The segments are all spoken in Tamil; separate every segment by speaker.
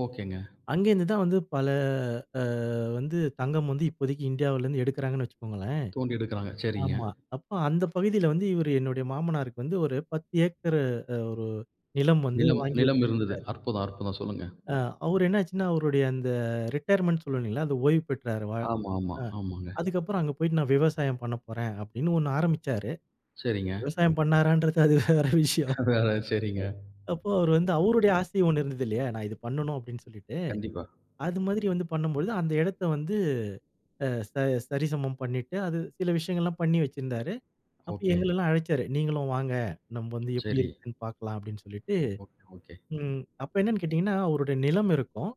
Speaker 1: ஓகேங்க!
Speaker 2: அங்கே இருந்துதான் வந்து பல அ வந்து தங்கம் வந்து, இப்போதைக்கி இந்தியாவுல இருந்து எடுக்கிறாங்கன்னு வச்சுக்கோங்களேன்.
Speaker 1: தோண்டி எடுக்கிறாங்க. சரிங்க!
Speaker 2: ஆமா. அப்ப அந்த பகுதியில வந்து, இவரு என்னுடைய மாமனாருக்கு வந்து, ஒரு 10 ஏக்கரு அ ஒரு நிலம் வந்து
Speaker 1: நிலம்,
Speaker 2: வாங்கி
Speaker 1: நிலம் இருந்தது.
Speaker 2: வச்சிருக்குறாரு.
Speaker 1: அற்புதம்! அற்புதம்! சொல்லுங்க.
Speaker 2: ஆ, அவரு என்ன ஆச்சுன்னா, அவருடைய அந்த ரிடையர்மென்ட்னு சொல்லுவோம் இல்லேங்களா! அது ஓய்வு பெற்றாரு. வ
Speaker 1: ஆமா, ஆமா,
Speaker 2: அ
Speaker 1: ஆமாங்க.
Speaker 2: அதுக்கு அப்புறம் அங்க போயிட்டு நான் விவசாயம் பண்ணப்போறேன். அப்பிடின்னு 1 ஆரம்பிச்சாரு.
Speaker 1: சரிங்க.
Speaker 2: விவசாயம் பண்ணுனாரான்றது, அது வேற விஷயம்.
Speaker 1: அடடா! சரிங்க.
Speaker 2: அப்போ அவரு வந்து அவருடைய ஆசை 1 இருந்தது இல்லயா! நான் இது பண்ணணும் அப்பிடின்னு சொல்லிட்டு,
Speaker 1: கண்டிப்பா.
Speaker 2: அது மாதிரி வந்து பண்ணும்பொழுது அந்த இடத்த வந்து அ ச சரிசமம் பண்ணிட்டு அது சில விஷயங்கள்லாம் பண்ணி வச்சிருந்தாரு. அப்ப
Speaker 1: ஓகே.
Speaker 2: எங்களலாம் அழைச்சாரு. "நீங்களும் வாங்க நம்ம வந்து எப்பிடி
Speaker 1: சரி.
Speaker 2: இருக்குன்னு பார்க்கலாம்" அப்பிடின்னு சொல்லிட்டு,
Speaker 1: ஓகே, ஓகே.
Speaker 2: ம் அப்ப என்னன்னு கேட்டீங்கன்னா, அவருடைய நிலம் இருக்கும்.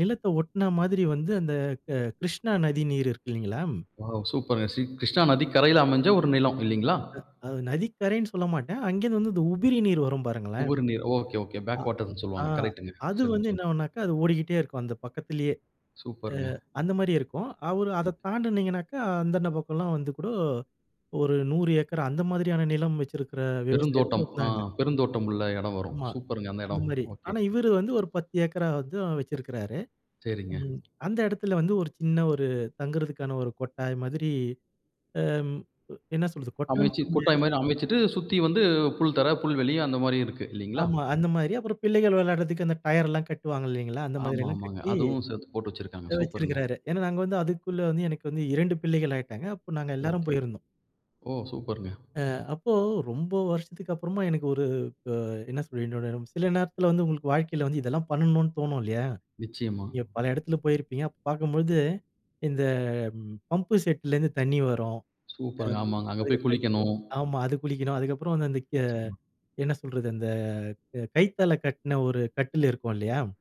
Speaker 2: நிலத்த ஒட்ன மாதிரி வந்து அந்த க கிருஷ்ணா நதி நீர் இருக்கு இல்லேங்களா!
Speaker 1: வாவ்! சூப்பருங்க. ஸ்ரீ கிருஷ்ணா நதி கரையில அமைஞ்ச ஒரு நிலம் இல்லேங்களா!
Speaker 2: அ, அது நதிக்கரைன்னு சொல்லமாட்டேன். அங்கே இருந்து வந்து இந்த உபரி நீர் வரும் பாருங்களேன்.
Speaker 1: உபரிநீர். ஓகே, ஓகே
Speaker 2: ஆ.
Speaker 1: பேக் வாட்டர்ன்னு
Speaker 2: ஆ,
Speaker 1: சொல்வாங்க. கரெக்ட்டுங்க.
Speaker 2: அது
Speaker 1: சொல்லுங்க,
Speaker 2: வந்து
Speaker 1: சொல்லுங்க.
Speaker 2: என்ன ஆவுனாக்கா, அது ஓடிக்கிட்டே இருக்கும். அந்த பக்கத்திலேயே, அ
Speaker 1: சூப்பருங்க.
Speaker 2: அந்தமாரியே இருக்கும். அவரு
Speaker 1: ஓகே.
Speaker 2: அத தாண்டுனீங்கனாக்க, அந்த [unintelligible] வந்து கூட ஒரு 100 ஏக்கர், அந்த மாதிரியான நிலம் வச்சிருக்க விவசாயிகளும்
Speaker 1: பெருந்தோட்டம் ஆ
Speaker 2: இருந்தாங்க.
Speaker 1: பெருந்தோட்டம் உள்ள இடம் வரும்.
Speaker 2: ஆமா.
Speaker 1: சூப்பருங்க, அந்த இடம்.
Speaker 2: அந்தமாரி,
Speaker 1: ஓகே.
Speaker 2: ஆனா இவரு வந்து ஒரு 10 ஏக்கரா வந்து வச்சிருக்காரு.
Speaker 1: சரிங்க.
Speaker 2: ம். அந்த இடத்தில வந்து ஒரு சின்ன ஒரு தங்குறதுக்கான ஒரு கொட்டாய் மாதிரி, அம், என்ன சொல்றது? கொட்டான்னு
Speaker 1: அமைச்சு கொட்டாய்
Speaker 2: சொல்லமுடியாது.
Speaker 1: மாரி அமைச்சுட்டு, சுத்தி வந்து புல் தரை புல்வெளி அந்தமாரியும் இருக்கு. இல்லேங்களா!
Speaker 2: ஆமா. அந்தமாரி அப்புறம் பிள்ளைகள் விளையாடுறதற்கு அந்த டயர்லாம் கட்டுவாங்க இல்லேங்களா, அந்தமாதிரி
Speaker 1: ஆமா,
Speaker 2: எல்லாம்
Speaker 1: ஆமாங்க.
Speaker 2: கட்டி,
Speaker 1: அதுவும் சேர்த்து போட்டு வச்சிருக்காங்க.
Speaker 2: அ
Speaker 1: சூப்பருங்க.
Speaker 2: வச்சிருக்காரு. ஏன்னா, நாங்க வந்து அதுக்குள்ள வந்து எனக்கு வந்து 2 பிள்ளைகள் ஆகிட்டாங்க. அப்ப நாங்க எல்லாரும்
Speaker 1: ஓகே.
Speaker 2: போயிருந்தோம்.
Speaker 1: ஓ! சூப்பருங்க.
Speaker 2: ஆ. அப்போ ரொம்ப வருஷத்துக்கு அப்புறமா எனக்கு ஒரு அ என்ன சொல்ல [unintelligible] சில நேரத்தில வந்து உங்களுக்கு வாழ்க்கையில வந்து இதெல்லாம் பண்ணணுன்னு தோணும் இல்லயா!
Speaker 1: நிச்சயமா.
Speaker 2: நீங்க பல இடத்தில போயிருப்பீங்க. அப்ப பார்க்கும்போது இந்த பம்ப் செட்ல இருந்து தண்ணி வரும்.
Speaker 1: சூப்பருங்க!
Speaker 2: அம்,
Speaker 1: ஆமாங்க. அங்கே போய்
Speaker 2: அதுக்கப்புறம் என்ன [unintelligible]
Speaker 1: குளிக்கணும்.
Speaker 2: ஆமா, அது குளிக்கணும். அதுக்கப்புறம் வந்து அந்த கே
Speaker 1: நிச்சயமா.
Speaker 2: என்ன சொல்றது அந்த க கயித்தால கட்டின ஒரு கட்டில் இருக்கும் இல்லயா!